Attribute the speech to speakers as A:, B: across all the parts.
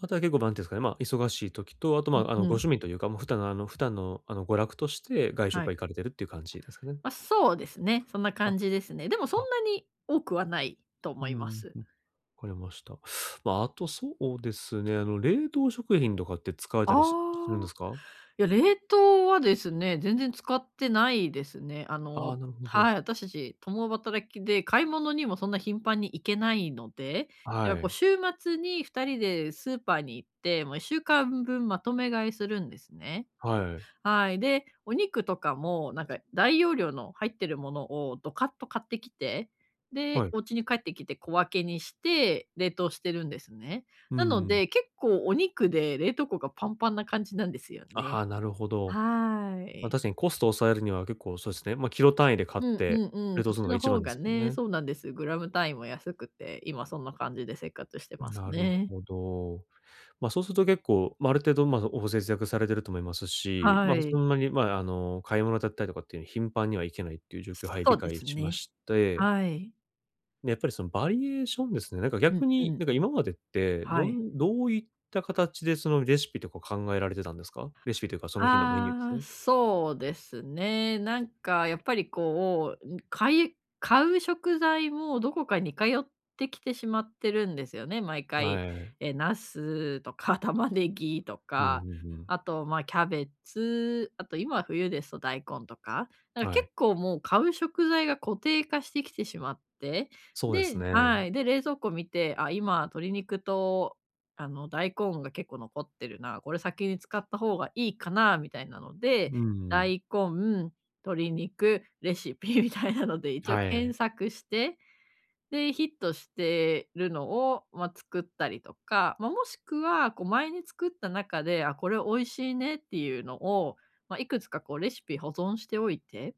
A: あとは結構、なんていうんですかね、ま、忙しい時と、あと、
B: う
A: ま、あ
B: ん
A: の、
B: う
A: ご
B: ん。
A: 趣味というか、もう、普段、あの、普段の、あの、娯楽として外食
B: は
A: は
B: い。
A: 行かれてるっていう感じですかね？
B: ま、そうですね、そんな
A: あ。
B: 感じですね。でもそ
A: あ。
B: んなに多くはないと
A: う
B: 思いま
A: ん
B: す。
A: うん、わかりました。ま、あとそうですね、あの、冷凍食品とかって使われた
B: あ
A: り
B: あ、
A: すするんですか？
B: いや、冷凍はですね、全然使ってないですね。あ
A: あ
B: の、
A: あ、なるほ
B: は
A: ど。
B: い、私たち共働きで買い物にもそんな頻繁に行けないので、だか
A: は
B: ら、こう、
A: い。
B: 週末に2人でスーパーに行って、もう1週間分まとめ買いするんですね。
A: はい。
B: はい、で、お肉とかも、なんか、大容量の入ってるものをドカッと買ってきて、で、
A: はい。
B: お家に帰ってきて小分けにして冷凍してるんですね。
A: うー
B: なの
A: ん。
B: で、結構お肉で冷凍庫がパンパンな感じなんですよ
A: あ、
B: ね。
A: は、なるほど。
B: は
A: ま、
B: い。
A: 確かにコストを抑えるには結構そうっすね、ま、キロ単位で買っ
B: うん
A: て、
B: うんうん、
A: 冷
B: そ
A: 凍
B: っ
A: する
B: ち
A: のが
B: の
A: 一番
B: 方
A: で
B: が
A: すよ
B: ね、
A: ね。
B: そうなんです。グラム単位も安くて、今そんな感じで生活してます
A: なる
B: ね。
A: ほど。ま、そうすると結構、ま、ある程度、ま、お節約されてると思いますし、
B: は
A: ま、そ
B: い。
A: んなに、ま、あの、買い物だったりとかっていう、頻繁には行けないっていう状況を、はい、
B: そ
A: 理
B: うで
A: 解
B: す
A: しま
B: ね。
A: して
B: はい。
A: やっぱり、その、バリエーションですね。なんか、
B: うん
A: 逆
B: う
A: に、
B: ん。
A: なんか、今までって、
B: は
A: ど
B: い。
A: んどういった形で、その、レシピとか考えられてたんですか？レシピというか、その日のメニューです
B: ああ、
A: ね。
B: そうですね。なんか、やっぱり、こう、かい買う食材もどこか似通ってきてしまってるんですよね、毎回。
A: はい。
B: え、茄子とか、玉ねぎと
A: うんうん
B: か、
A: うん。
B: あと、ま、キャベツ、あと、今冬ですと大根とか。なんか、
A: は
B: 結
A: い。
B: 構、もう、買う食材が固定化してきてしまって、
A: そうです
B: で
A: ね。
B: はい、で、冷蔵庫見て、あ、今鶏肉と、あの、大根が結構残ってるな、これ先に使った方がいいかなみたいなので、
A: うんうん。
B: 大根、鶏肉、レシピみたいなので、一応
A: は
B: 検
A: い。
B: 索して、で、ヒットしてるのを、ま、作ったりとか、ま、もしくは、こう、前に作った中で、あ、これ美味しいねっていうのを、ま、いくつか、こう、レシピ保存しておいて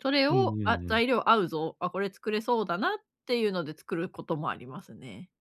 B: それ
A: う
B: を、
A: んう
B: あ、
A: んうん。
B: 材料合うぞ、あ、これ作れそうだなっていうので作ることもありますね。